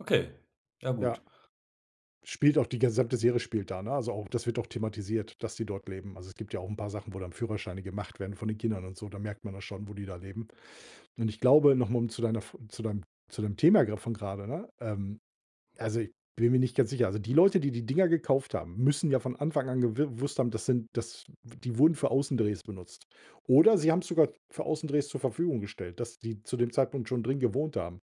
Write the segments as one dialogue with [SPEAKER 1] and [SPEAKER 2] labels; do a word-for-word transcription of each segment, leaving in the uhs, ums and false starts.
[SPEAKER 1] Okay, ja gut.
[SPEAKER 2] Ja, spielt auch die gesamte Serie spielt da, ne? Also, auch das wird auch thematisiert, dass die dort leben. Also, es gibt ja auch 'n paar Sachen, wo dann Führerscheine gemacht werden von den Kindern und so. Da merkt man das schon, wo die da leben. Und ich glaube noch mal um zu deiner F zu deinem zu deinem Thema grad von grade, ne ähm, also, bin mir nicht ganz sicher. Also, die Leute, die die Dinger gekauft haben, müssen ja von Anfang an gewi gewusst haben, das sind das die wurden für Außendrehs benutzt. Oder sie haben's sogar für Außendrehs zur Verfügung gestellt, dass die zu dem Zeitpunkt schon drin gewohnt haben.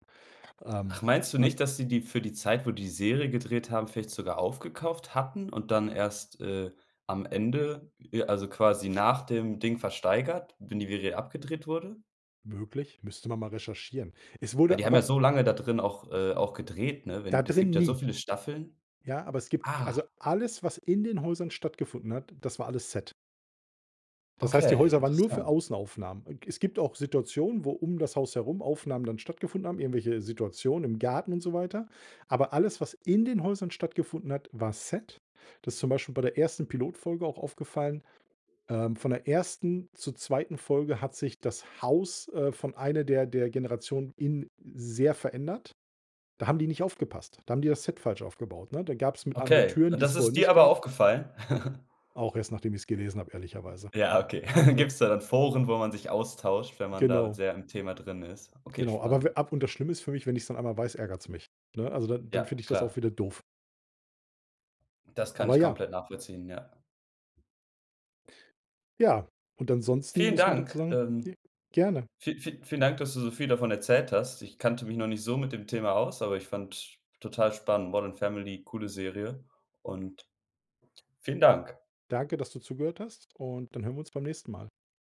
[SPEAKER 2] Ähm,
[SPEAKER 1] Ach, meinst du
[SPEAKER 2] und
[SPEAKER 1] nicht, dass die die für die Zeit, wo die Serie gedreht haben, vielleicht sogar aufgekauft hatten und dann erst, äh, am Ende, e also quasi nach dem Ding versteigert, wenn die Werie abgedreht wurde?
[SPEAKER 2] Möglich. Müsste man mal recherchieren. Es
[SPEAKER 1] Weil
[SPEAKER 2] wurde
[SPEAKER 1] die haben ja
[SPEAKER 2] aber
[SPEAKER 1] so lange da drin auch äh, auch gedreht, ne? Wenn
[SPEAKER 2] Da
[SPEAKER 1] es gibt
[SPEAKER 2] drin
[SPEAKER 1] ja so
[SPEAKER 2] nie.
[SPEAKER 1] viele Staffeln.
[SPEAKER 2] Ja, aber es gibt
[SPEAKER 1] Ah.
[SPEAKER 2] also, alles, was in den Häusern stattgefunden hat, das war alles Set. Das heißt, die
[SPEAKER 1] Okay,
[SPEAKER 2] Häuser waren nur für
[SPEAKER 1] interessant.
[SPEAKER 2] Außenaufnahmen. Äh, es gibt auch Situationen, wo um das Haus herum Aufnahmen dann stattgefunden haben, irgendwelche Situationen im Garten und so weiter. Aber alles, was in den Häusern stattgefunden hat, war Set. Das ist zum Beispiel bei der ersten Pilotfolge auch aufgefallen. Ähm, von der ersten zur zweiten Folge hat sich das Haus, äh, von einer der der Generationen in sehr verändert. Da haben die nicht aufgepasst. Da haben die das Set falsch aufgebaut, ne? Da gab's mit einem Mal
[SPEAKER 1] Okay,
[SPEAKER 2] Türen,
[SPEAKER 1] und
[SPEAKER 2] die's
[SPEAKER 1] das ist
[SPEAKER 2] vorher
[SPEAKER 1] dir
[SPEAKER 2] nicht
[SPEAKER 1] aber
[SPEAKER 2] gab.
[SPEAKER 1] aufgefallen?
[SPEAKER 2] Auch erst, nachdem ich's gelesen habe, ehrlicherweise,
[SPEAKER 1] Ja, okay.
[SPEAKER 2] ne?
[SPEAKER 1] Gibt's da dann Foren, wo man sich austauscht, wenn man da
[SPEAKER 2] Genau.
[SPEAKER 1] sehr im Thema drin ist? Okay,
[SPEAKER 2] Genau, aber w
[SPEAKER 1] spannend.
[SPEAKER 2] ab und das Schlimme ist für mich, wenn ich's dann einmal weiß, ärgert's mich, ne? Also, dann dann
[SPEAKER 1] Ja,
[SPEAKER 2] finde ich das auch
[SPEAKER 1] klar.
[SPEAKER 2] wieder doof.
[SPEAKER 1] Das kann
[SPEAKER 2] Aber
[SPEAKER 1] ich
[SPEAKER 2] ja.
[SPEAKER 1] komplett nachvollziehen, ja.
[SPEAKER 2] Ja, und ansonsten
[SPEAKER 1] Vielen
[SPEAKER 2] muss man dazu
[SPEAKER 1] Dank.
[SPEAKER 2] sagen
[SPEAKER 1] Ähm,
[SPEAKER 2] g gerne.
[SPEAKER 1] vie vie vielen Dank, dass du so viel davon erzählt hast. Ich kannte mich noch nicht so mit dem Thema aus, aber ich fand total spannend. „Modern Family“, coole Serie und vielen Dank.
[SPEAKER 2] Danke, dass du zugehört hast und dann hören wir uns beim nächsten Mal.